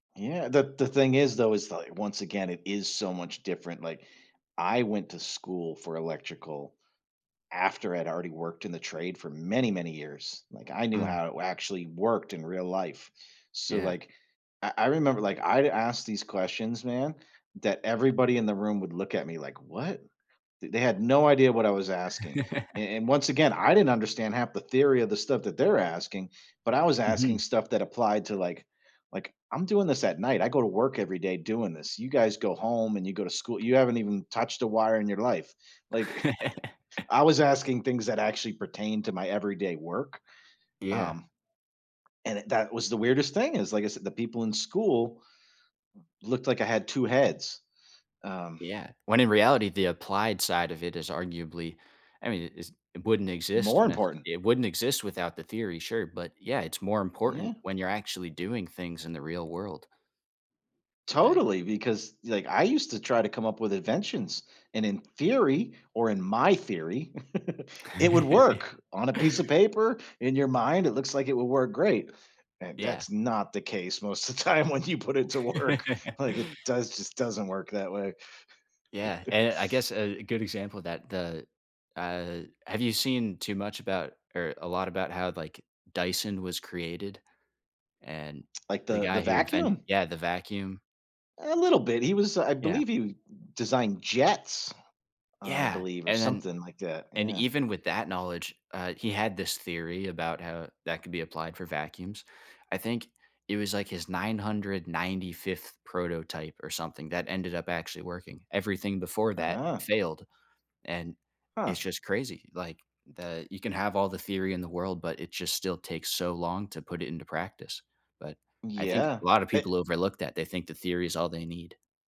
Yeah. The the thing is, though, is that, once again, it is so much different. Like, I went to school for electrical after I'd already worked in the trade for many, many years, like, I knew Mm. how it actually worked in real life. So, Yeah. like, I I remember, like, I'd ask these questions, man, that everybody in the room would look at me like, "What?" Th they had no idea what I was asking. A and, once again, I didn't understand half the theory of the stuff that they're asking, but I was asking Mhm. stuff that applied to, like like, "I'm doing this at night, I go to work every day doing this. You guys go home and you go to schoo you haven't even touched a wire in your life." Like, I was asking things that actually pertain to my everyday work, Yeah. um, and, eh, that was the weirdest thing, is, like I said, the people in school looked like I had 2 heads. Um Yeah. When in reality, the applied side of it is arguably I mean, it's it wouldn't exist More nece important. it wouldn't exist without the theory, sure, but, yeah, it's more important Yeah. when you're actually doing things in the real world. Right. Totally. Because, e like, I used to try to come up with inventions and, in theory, or in my theory, it would work on a piece of paper, in your mind it looks like it would work great. And, Yeah. that's not the case most of the time when you put it to work, like, it does just doesn't work that way. Yeah, and, I guess, a good example of that, the uh, have you seen too much about or a lot about how, like, Dyson was created? And, Like the the the guy who inven vacuum? Yeah, the vacuum. A little bit. He was I Yeah. believe he d designed jets, I Yeah, believe, or and then something like that. and Yeah. even with that knowledge, uh, he had this theory about how that could be applied for vacuums. I think it was like his 995th prototype or something that ended up actually working, everything before that Ah. failed and it's Huh. just crazy. Like, that you can have all the theory in the world, but it just still takes so long to put it into practice, but I think a Yeah, lotta e people overlook that, they think the theory is all they need.